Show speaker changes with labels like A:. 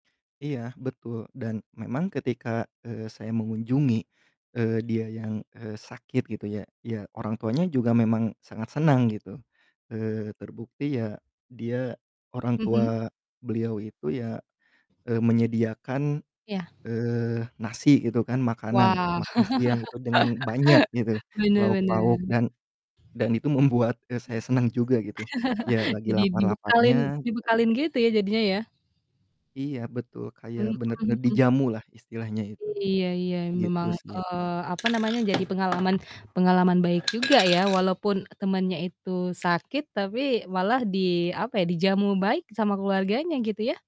A: Iya betul dan memang ketika, eee, saya mengunjungi, eee, dia yang, eee, sakit gitu ya, ya orang tuanya juga memang sangat senang gitu, eee, terbukti ya dia orang tua
B: Mhm.
A: beliau itu ya, eee, menyediakan,
B: Ya.
A: eee, nasi gitu kan makanan,
B: Wow,
A: makan siang itu dengan banyak gitu lauk pauk
B: benar-benar.
A: dan dan itu membuat, eee,
B: Mmm.
A: saya senang juga gitu, ya lagi
B: Jadi
A: lapar-laparnya
B: dibekalin
A: gitu.
B: dibekalin gitu ya, jadinya ya.
A: Iya, betul kayak,
B: Mmm
A: bener-bener
B: mhm.
A: dijamu lah istilahnya itu,
B: iya iya,
A: gitu
B: memang,
A: sih
B: eee, apa namanya, jadi pengalaman pengalaman baik juga ya, walaupun temennya itu sakit, tapi malah di, apa ya, dijamu baik sama keluarganya, gitu ya.